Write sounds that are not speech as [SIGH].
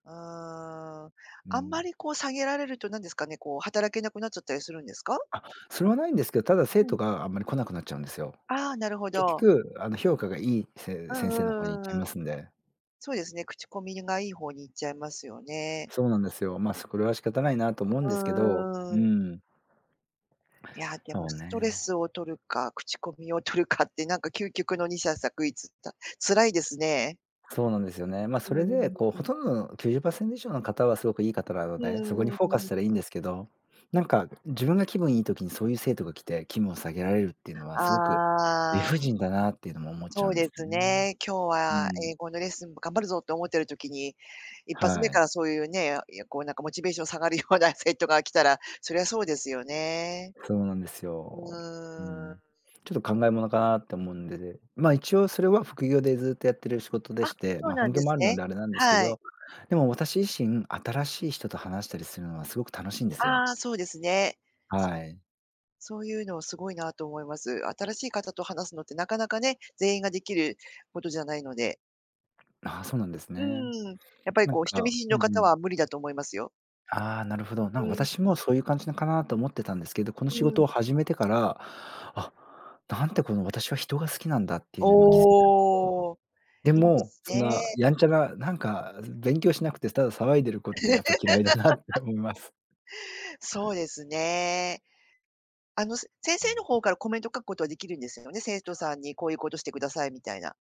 ああ。うあんまん。りこう、下げられると何ですかね、こう、働けなくなっちゃったりするんですか？あ、それはないんですけど、ただ生うん。徒があんまり来なくなっちゃうんですよ。ああ、なるほ結ど。局あの、評価がいいうせん先生のう方に行っんうちゃいんうん。ますんで。そうですね、口コミがいい方に行っちゃいますよね。そうなんですよ。ま、そ、これは仕方ないなと思うんうですけど、んうんううん。ん。いや、でもそうストレね。スを取るか、口コミを取るかって、なんか究極の二者択一った、辛いですね。そうなんですよね。ま、うそーれでん、こう、うん。ほとんどの90%以上の方はすごくいい方なのうーで、そこにん、フォうーカんスうしたらいいん。んですけど、なんか自分が気分いい時に、そういう生徒が来て気分を下げられるっていうのは、すごく理ああ。不尽だなっていうのも思っちそゃううんですですね。ね、今日うはん。英語のレッスンも頑張るぞって思ってる時に、一発目はかい。らそういうね、いや、こうなんかモチベーション下がるような生徒が来たら、そりゃそうですよね。そうなんですうよ。うーん。ん。ちょっと考えものかなって思うんでで、ま、一応それは副業でずっとやってる仕事であ、して、そうま、な本んで業もすあるのね。であれなんですけはい。ど、でも私自身、新しい人と話したりするのはすごく楽しいんですあよ。あ、そうですね。はい。そういうのをすごいなと思います。新しい方と話すのってなかなかね、全員ができることじゃないので。な、そうなんですうね。ーん、やっぱりなんこう、人見か知りうのんう方ん。は無理だと思いますよ。ああ、なるほど。なん、うん、う私もそういう感じのかな？と思ってたんですけど、この仕うん。事を始めてから、あ、なんてこの、私は人が好きなんだっていうのにも気づいたおお、[UNINTELLIGIBLE] でいいでも、すそんなね。やんちゃな、なんか勉強しなくて、ただ騒いでる子ってやっぱ嫌いだなって [LAUGHS] おみます。そうですね。あの、せ先う生ん。の方からコメントを書くことはできるんですよね、生徒さんにこういうことしてくださいみたいな？